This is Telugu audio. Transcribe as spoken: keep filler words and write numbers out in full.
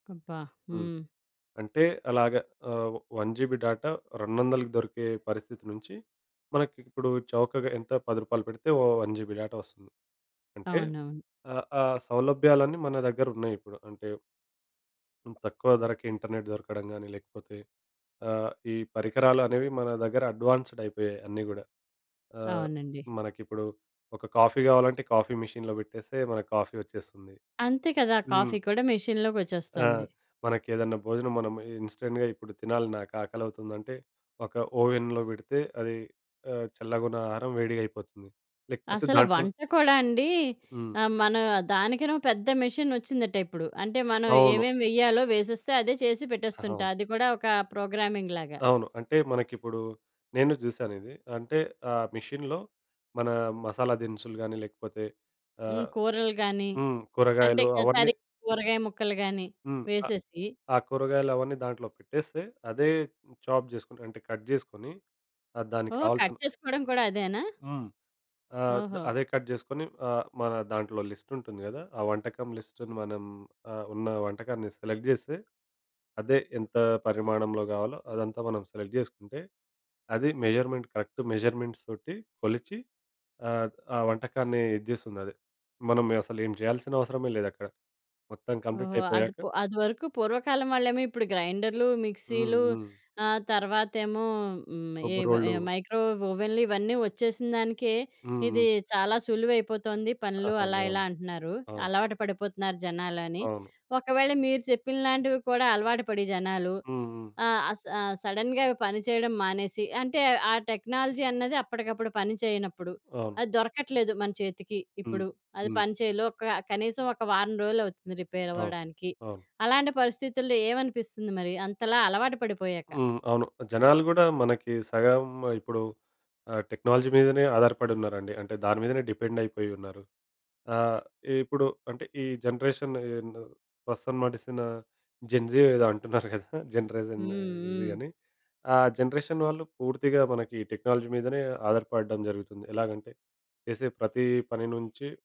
అబ్బా! హ్మ్. హ్మ్. అంటే అలాగా ఆహ్, వన్ జీబీ డాటా రెండొందలకి దొరికే పరిస్థితి నుంచి మనకిప్పుడు చౌకగా ఎంత? పది రూపాలు పెడితే ఓ వన్ జీబీ డేటా ఒస్తుంది. అంటే అవునవును. ఆహ్, ఆ సౌలభ్యాలన్నీ మన దగ్గరున్నాయి ఇప్పుడు. అంటే తక్కువ ధరకు ఇంటర్నెట్ దొరకడం గానీ, లేకపోతే ఆహ్, ఈ పరికరాలనేవి మన దగ్గర అడ్వాన్స్‌డ్ అయిపోయాయి అన్నీ గూడా. ఆహ్, అవునండి. మనకిప్పుడు ఒక కాఫీ గావాలంటే కాఫీ మెషీన్‌లో పెట్టేస్తే, మనకు కాఫీ వచ్చేస్తుంది. అంతే కదా! హ్మ్. కాఫీ కూడా ఆ! మెషీన్‌లోకొచ్చేస్తుంది. మనకేదన్నా భోజనం మనము ఇన్‌స్టంట్‌గా ఇప్పుడు తినాలి, నాకు ఆకలవుతుందంటే, ఒక ఓవెన్‌లో బెడితే అది ఆహ్, చల్లగా ఉన్న ఆహారం వేడిగయిపోతుంది. లేకపోతే అసలు దాంట్లో వంట కూడా అండి హ్మ్. ఆహ్, మన దానికిను పెద్ద మెషీన్‌ ఒచ్చిందట ఇప్పుడు. అంటే మనం అవును. ఏవేమి వేయ్యాలో వేసేస్తే అదే చేసి పెట్టేస్తుంటా. అవును. అది కూడా ఒక ప్రోగ్రామింగ్ లాగా. అవును. అంటే మనకిప్పుడు నేను చూసాను ఇది. అంటే ఆ మెషీన్‌లో మన మసాలా దినుసులు గాని లేకపోతే, హ్మ్. ఆహ్, కూరలు గాని, హ్మ్ అంటే కూరగాయలు అవన్నీ తరిగిన కూరగాయ ముక్కలు గాని హ్మ్. ఆ వేసేసి ఆ కూరగాయలు అవన్నీ దాంట్లో పెట్టేస్తే అదే చాప్ జేసుకొని, అంటే కట్ జేసుకొని ఆహ్, దానికి ఓహ్! కట్ కావాల్సిన చేసుకోడం కూడా అదేనా? హ్మ్. ఆద్ ఓహో! అదే కట్ జేసుకొని ఆహ్, మన దాంట్లో లిస్టుంటుంది గదా! ఆ వంటకం లిస్టును మనం ఆహ్, ఉన్న వంటకాన్ని సెలెక్ట్ జేస్తే అదే ఎంత పరిమాణంలో గావాలో, అదంతా మనం సెలెక్ట్ జేసుకుంటే, అది మెజర్‌మెంట్ కరెక్ట్ మెజర్‌మెంట్స్ తోటి కొలిచి ఆహ్, ఆ వంటకాన్ని ఇజ్జేస్తుంది అదే. మనం అసలు ఏం జేయాల్సిన అవసరమే లేదక్కడ. మొత్తం కంప్లీట్ ఓహో! అది అయిపోయాక పు అది వరకు పూర్వకాలం వాళ్ళేమో ఇప్పుడు గ్రైండర్‌లు, హ్మ్. మిక్సీలు హ్మ్. ఆహ్, తర్వాతేమో హ్మ్ ఈ రుబ్బు ఈ రోళ్ళు మైక్రో ఓవెన్‌లు ఇవన్నీ ఒచ్చేసినదానికే, హ్మ్. ఇది హ్మ్. చాలా సులువయిపోతుంది. పనులు అలా ఇలా అవునవును. అంటున్నారు. అవును. అలవాటు పడిపోతున్నారు జనాలు అని. అవును. ఒకవేళ మీరు చెప్పినలాంటివి కూడా అలవాటు పడి జనాలు, హ్మ్. హ్మ్. ఆ! ఆహ్, స సడెన్‌గా పని చేయడం మానేసి, అంటే ఆ టెక్నాలజీ అన్నది అప్పటికప్పుడు పని చేయనప్పుడు, అవును. అది దొరకట్లేదు మన చేతికి హ్మ్. ఇప్పుడు, అది హ్మ్. పని చేయలో ఒక కనీసం ఒక వారం రోలవుతుంది రిపేర్ అవును. అవ్వడానికి. అవును. అలాంటి పరిస్థితుల్లో ఏమనిపిస్తుంది? మరి అంతలా అలవాటు పడిపోయాక. హ్మ్. అవును. జనాలు గూడా మనకి సగం ఇప్పుడు ఆహ్, టెక్నాలజీ మీదనే ఆధారపడి ఉన్నారండి. అంటే దాని మీదనే డిపెండయిపోయి ఉన్నారు. ఆహ్, ఇప్పుడు అంటే ఈ జనరేషన్ యే యందు ప్రస్తుతం నడుస్తునా జన్‌జీ ఏదో అంటున్నారు గదా! జనరేషన్ హ్మ్. ఈజీ హ్మ్. అని. ఆ జనరేషన్ వాళ్ళు పూర్తిగా మనకి టెక్నాలజీ మీదనే ఆధారపడడం జరుగుతుంది. ఎలాగంటే, చేసే ప్రతీ పని నుంచి